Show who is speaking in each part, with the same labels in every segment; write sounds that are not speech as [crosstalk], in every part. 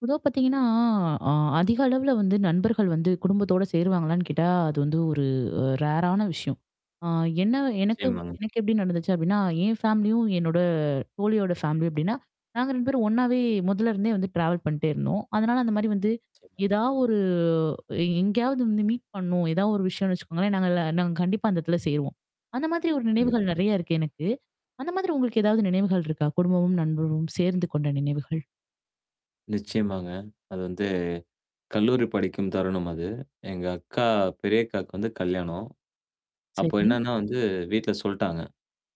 Speaker 1: பொதுவா பார்த்தீங்கன்னா, அ அதிக அளவுல வந்து நண்பர்கள் வந்து குடும்பத்தோட சேருவாங்களான்னு கேட்டா, அது வந்து ஒரு அ ரேரான விஷயம். ஆ என்ன எனக்கு
Speaker 2: நிச்சயமாங்க.
Speaker 1: எனக்கு எப்படி நடந்துச்சு அப்டின்னா, என் ஃபேமிலியும், என்னோட தோழியோட ஃபேமிலி அப்டின்னா. நாங்க 2 பேரும் ஒண்ணாவே முதல இருந்தே வந்து ட்ராவல் பண்ணிட்டே இருந்தோம். அதனால அந்த மாரி வந்து.
Speaker 2: நிச்சயமா.
Speaker 1: ஏதாவது ஒரு எ எங்கேயாவது வந்து மீட் பண்ணும். ஏதாவது ஒரு விஷயம்னு வச்சுக்கோங்களேன், நாங்க எல்லா நாங்க கண்டிப்பா அந்த இடத்துல சேருவோம். அந்த மாதிரி ஒரு
Speaker 2: கண்டிப்பா.
Speaker 1: நினைவுகள் நெறைய இருக்கு எனக்கு. அந்த மாதிரி உங்களுக்கு ஏதாவது நினைவுகள் இருக்கா? குடும்பமும், நண்பரும் சேர்ந்து கொண்ட நினைவுகள்?
Speaker 2: நிச்சயமாங்க. அது வந்து கல்லூரி படிக்கும் தருணம் அது. எங்க அக்கா பெரியக்காவுக்கு வந்து கல்யாணம். அப்போ
Speaker 1: சரி.
Speaker 2: என்னன்னா வந்து வீட்ல சொல்ட்டாங்க.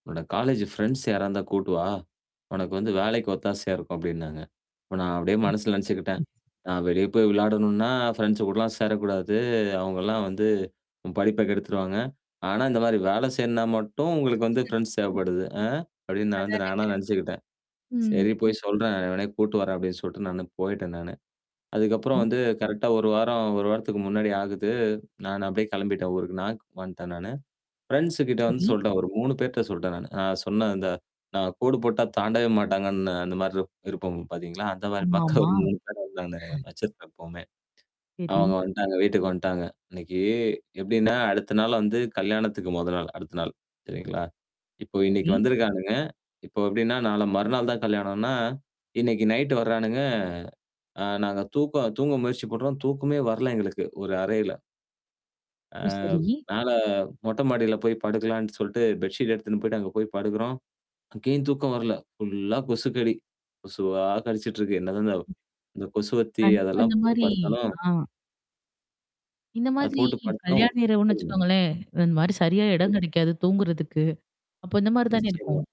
Speaker 2: உன்னோட காலேஜ் ஃப்ரெண்ட்ஸ் யாரா இருந்தா கூட்டுவா? உனக்கு வந்து வேலைக்கு ஒத்தாசையா இருக்கும் அப்டின்னாங்க. இப்ப நான் அப்படியே மனசுல நெனைச்சுக்கிட்டேன். "நான் வெளிய போய் விளையாடணும்னா, ஃப்ரெண்ட்ஸ் கூடலாம் சேரக்கூடாது. அவங்கலாம் வந்து உன் படிப்ப கெடுத்துருவாங்க. ஆனா இந்த மாரி வேலை செய்யனா மட்டும் உங்களுக்கு வந்து ஃப்ரெண்ட்ஸ்
Speaker 1: [unintelligible]
Speaker 2: தேவைப்படுது." அ அப்படின்னு நான் வந்து
Speaker 1: அதானங்க.
Speaker 2: நானா நெனச்சுக்கிட்டேன்.
Speaker 1: ம்.
Speaker 2: "சரி போய் சொல்றேன் எவனயா கூட்டு வரேன்" அப்டின்னு சொல்லிட்டு நானு போய்ட்டேன் நானு. அதுக்கப்புறம்
Speaker 1: ம்.
Speaker 2: வந்து கரெக்ட்டா 1 வாரம், 1 வாரத்துக்கு முன்னாடி ஆகுது. நானு அப்டியியே கிளம்பிட்டேன் ஊருக்கு. [unintelligible] வந்ட்டேன் நானு. ஃப்ரெண்ட்ஸ் கிட்ட வந்து
Speaker 1: சரி.
Speaker 2: சொல்ட்டேன் ஒரு 3 பேர்ட்ட சொல்ட்டேன் நானு. நான் சொன்னே இந்த நான் கோடு போட்டா தாண்டவே மாட்டாங்கன்னு அந்த மாரி இருப் இருப்போம் பார்த்தீங்களா, அந்த மாரி மக்க ஒரு
Speaker 1: ஆமாமா.
Speaker 2: 3 பேர வந்து நாங்க
Speaker 1: [chuckles]
Speaker 2: வச்சிருப்போம் எப்போமே.
Speaker 1: சரி.
Speaker 2: அவங்க வன்ட்டாங்க. வீட்டுக்கு வந்துட்டாங்க. அன்னைக்கு எப்டின்னா அடுத்த நாள் வந்து கல்யாணத்துக்கு மொத நாள், அடுத்த நாள். சரிங்களா? இப்போ இன்னைக்கு
Speaker 1: சரி.
Speaker 2: வந்திருக்கானுங்க. இப்போ எப்டின்னா, நாளை மறுநாள் தான் கல்யணோம்னா, இன்னைக்கு நைட் வரானுங்க. அ நாங்க தூக்கம் தூங்க முயற்சி பண்றோம். தூக்கமே வரல எங்களுக்கு ஒரு அறையில. அ
Speaker 1: ஓ! சரி.
Speaker 2: மேல மொட்டை மாடில போய் படுக்கலான்னு சொல்லட்டு பெட்ஷீட் எடுத்துன்னு போயி்டு அங்க போய் படுக்குறோம். அங்கேயும் தூக்கம் வரல. ஃபுல்லா கொசுக்கடி. கொசுவா கடிச்சுட்டு இருக்கு. என்னதந்த தவ்
Speaker 1: ம்.
Speaker 2: இந்த கொசுவத்தி
Speaker 1: கண்டிப்பா.
Speaker 2: அதெல்லாம்
Speaker 1: இந்த
Speaker 2: போட்டு
Speaker 1: மாரி
Speaker 2: படுத்தாலும்
Speaker 1: ஆ. இந்த
Speaker 2: அ
Speaker 1: மாதிரி
Speaker 2: போட்டு படுத்தாலும்
Speaker 1: கல்யாண இரவுன்னு
Speaker 2: சொல்லுங்க.
Speaker 1: வச்சுக்கோங்களேன், இந்த மாரி சரியா இடம் கிடைக்காது தூங்குறதுக்கு. அப்ப இந்த மாரி தானே இருக்கும்.
Speaker 2: நிச்சயமா.